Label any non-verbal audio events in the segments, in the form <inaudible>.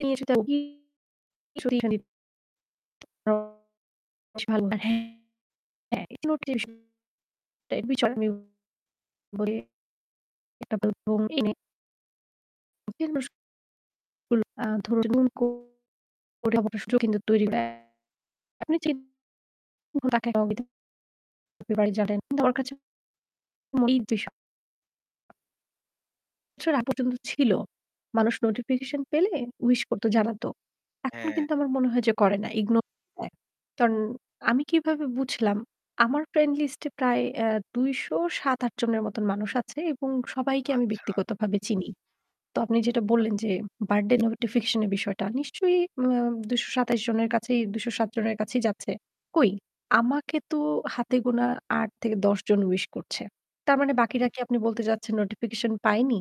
তিনি তার বগী। তিনি সতী সান্বিত। <unintelligible> বি <unintelligible> একটা <unintelligible> <unintelligible> ধর। আ সুযোগ কিন্তু তৈরি করা। আপনি চিন <unintelligible> তার বাড়ি জটাই তোমার কাছে। <unintelligible> <unintelligible> আগ পর্যন্ত ছিল। মানুষ নোটিফিকেশন পেলে উইশ করত জানাতো। এখন হ্যাঁ। কিন্তু আমার মনে হয় যে করে না, ইগনোর দেয়। কারণ আমি কিভাবে বুঝলাম, আমার ফ্রেন্ড লিস্ট এ প্রায় এ্যা ২০৭-৮ জনের মত মানুষ আছে এবং সবাইকে আমি আচ্ছা। ব্যক্তিগতভাবে চিনি। তো আপনি যেটা আচ্ছা। বললেন যে বার্থডে নোটিফিকেশন এর বিষয়টা নিশ্চয়ই ম্যা ২২৭ জনের কাছেই ২০৭ জনের কাছেই যাচ্ছে। কই? আমাকে তো হাতেগোনা ৮ থেকে ১০ জন উইশ করছে। তার মানে হুম। বাকিরা কি আপনি বলতে চাচ্ছেন নোটিফিকেশন পায়নি?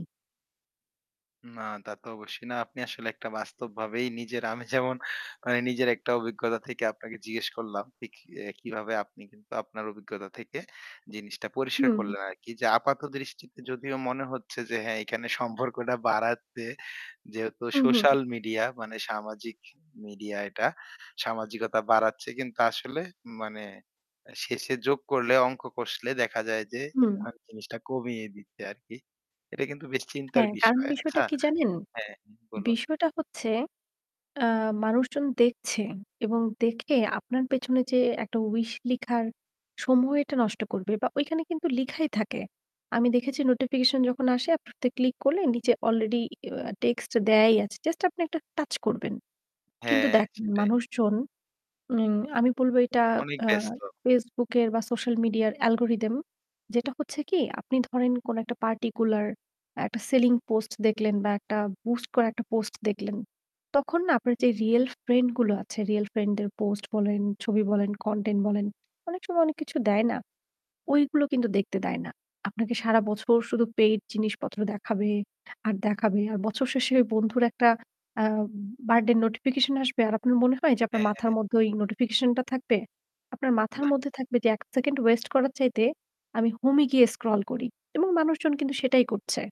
না তা তো অবশ্যই না। আপনি আসলে একটা বাস্তবভাবেই নিজের আমি যেমন মানে নিজের একটা অভিজ্ঞতা থেকে আপনাকে জিজ্ঞেস করলাম। যে এ্যা কি এ্যা কিভাবে আপনি কিন্তু আপনার অভিজ্ঞতা থেকে জিনিসটা পরিষ্কার হুম। করলেন আরকি। যে আপাত দৃষ্টিতে যদিও মনে হচ্ছে যে হ্যাঁ এখানে সম্পর্কটা বাড়াতে যেহেতু হু, হু। সোশ্যাল মিডিয়া মানে সামাজিক মিডিয়া এটা। সামাজিকতা বাড়াচ্ছে কিন্তু আসলে মানে এ্যা শেষে যোগ করলে অঙ্ক কষলে দেখা যায় যে হুম। <unintelligible> জিনিসটা কমিয়ে দিচ্ছে আরকি। এটা কিন্তু বেশ <smacks lips> চিন্তার হ্যাঁ, কারণ বিষয়। বিষয়টা আচ্ছা কি জানেন? হ্যাঁ বলুন। বিষয়টা হচ্ছে আ মানুষজন দেখছে এবং দেখে আপনার পেছনে যে একটা উইশ লেখার সময় এটা নষ্ট করবে বা ঐখানে কিন্তু লেখাই থাকে। আমি দেখেছি নোটিফিকেশন যখন আসে আপনি ক্লিক করলে নিচে অলরেডি এ্যা টেক্সট দেয়াই আছে। জাস্ট আপনি একটা টাচ করবেন। কিন্তু হ্যাঁ, দেখ সেটাই। মানুষজন, মিন আমি বলব এটা অনেক আ ব্যস্ত। FaceBook এর বা সোশ্যাল মিডিয়া অ্যালগরিথম। যেটা হচ্ছে কি আপনি ধরেন কোন একটা পার্টিকুলার একটা সেলিং পোস্ট দেখলেন বা একটা বুস্ট করে একটা পোস্ট দেখলেন। তখন না আপনার যে রিয়াল ফ্রেন্ড গুলো আছে, রিয়াল ফ্রেন্ড দের পোস্ট বলেন, ছবি বলেন, কনটেন্ট বলেন, অনেক সময় অনেক কিছু দেয় না। ঐগুলো কিন্তু দেখতে দেয় না। আপনাকে সারা বছর শুধু পেইড জিনিসপত্র দেখাবে, আর দেখাবে। আর বছর শেষে ওই বন্ধুর একটা আ বার্থডে নোটিফিকেশন আসবে। আর আপনার মনে হয় যে আপনার মাথার হ্যাঁ। মধ্যে ওই নোটিফিকেশন টা থাকবে। আপনার মাথার নাহ। মধ্যে থাকবে যে ১ সেকেন্ড ওয়েস্ট করার চাইতে আমি হোম এ গিয়ে স্ক্রল করি। এবং মানুষজন কিন্তু সেটাই করছে।